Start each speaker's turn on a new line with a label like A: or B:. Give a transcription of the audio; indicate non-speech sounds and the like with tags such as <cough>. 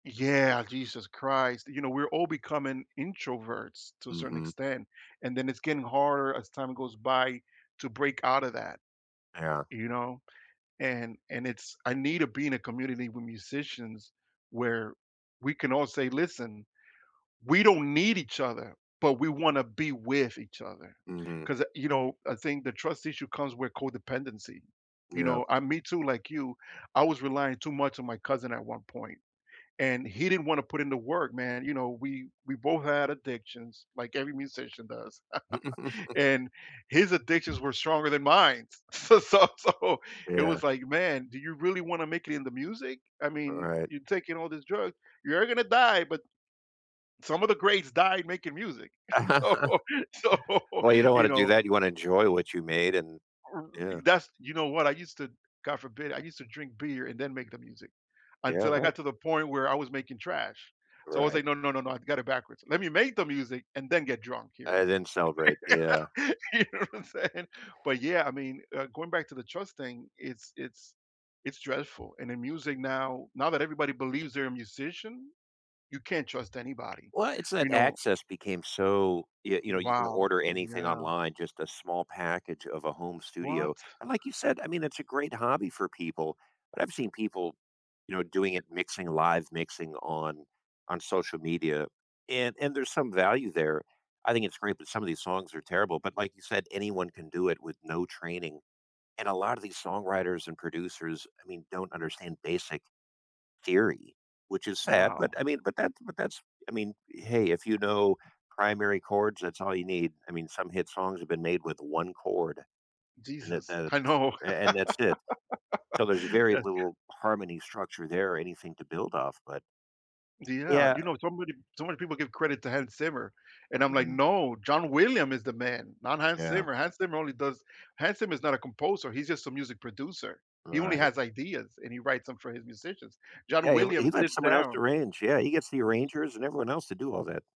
A: Yeah, Jesus Christ, you know, we're all becoming introverts to a certain
B: Mhm.
A: extent, and then it's getting harder as time goes by to break outta that,
B: Yeah.
A: you know, and and it's I need to be in a community with musicians where we can all say, listen, we don't need each other, but we wanna be with each other
B: Mhm.
A: 'cause, uh you know, I think the trust issue comes with codependency, you
B: Yeah.
A: know, I me too, like, you, I was relying too much on my cousin at one point, and he didn't wanna put in the work, man, you know, we we both had addictions like every musician does. <chuckles>
B: <chuckles>
A: And his addictions were stronger than mine, s so so so, it
B: Yeah.
A: was, like, man, do you really wanna make it in the music? I
B: All
A: mean,
B: right.
A: you're taking all these drugs, you're gonna die, but some of the greats died making music, so
B: <chuckles>
A: so,
B: Well, you don't
A: you
B: wanna do
A: know
B: that, you wanna enjoy what you made, and,
A: R r
B: yeah.
A: that's, you know what, I used to, God forbid, I used to drink beer and then make the music
B: Yeah,
A: until I
B: right.
A: got to the point where I was making trash. So I was,
B: Right.
A: like, no, no, no, no, I've got it backwards. Let me make the music and then get drunk hearing
B: I
A: it.
B: didn't celebrate, yeah.
A: <laughs> You know what I'm saying? But, yeah, I mean, uh, going back to the trust thing, it's it's it's dreadful. And in music now, now that everybody believes they're a musician, you can't trust anybody,
B: Well, it's that
A: you know
B: access became so, you you know, you can
A: Wow,
B: order anything
A: yeah.
B: online, just a small package of a home
A: What?
B: studio, and, like, you said, I mean, it's a great hobby for people, but I've seen people, you know, doing it, mixing live mixing on, on social media, and and there's some value there. I think it's great, but some of these songs are terrible, but like you said, anyone
A: <unintelligible>
B: can do it with no training, and a lotta these songwriters and producers, I mean, don't understand basic theory, which is sad, but,
A: Wow.
B: I mean, but, that but, that's I mean, hey, if you know primary chords, that's all you need. I mean, some hit songs have been made with one chord. And, eh,
A: Jesus,
B: that
A: I know.
B: a and that's it. So
A: <laughs>
B: there's very
A: Yeah.
B: little harmony structure there or anything to build off, but
A: Yeah,
B: Yeah
A: you know, so many so many people give credit to Hans Zimmer, and I'm, like,
B: Mhm.
A: no, John William is the man, not Hans
B: Yeah.
A: Zimmer. Hans Zimmer only does, Hans Zimmer is not a composer, he's just a music producer. He only
B: Right.
A: has ideas and he writes 'em for his musicians. John
B: Yeah, he le he
A: Williams
B: let
A: sits
B: someone else
A: down.
B: arrange. Yeah, he gets the arrangers and everyone else to do all that.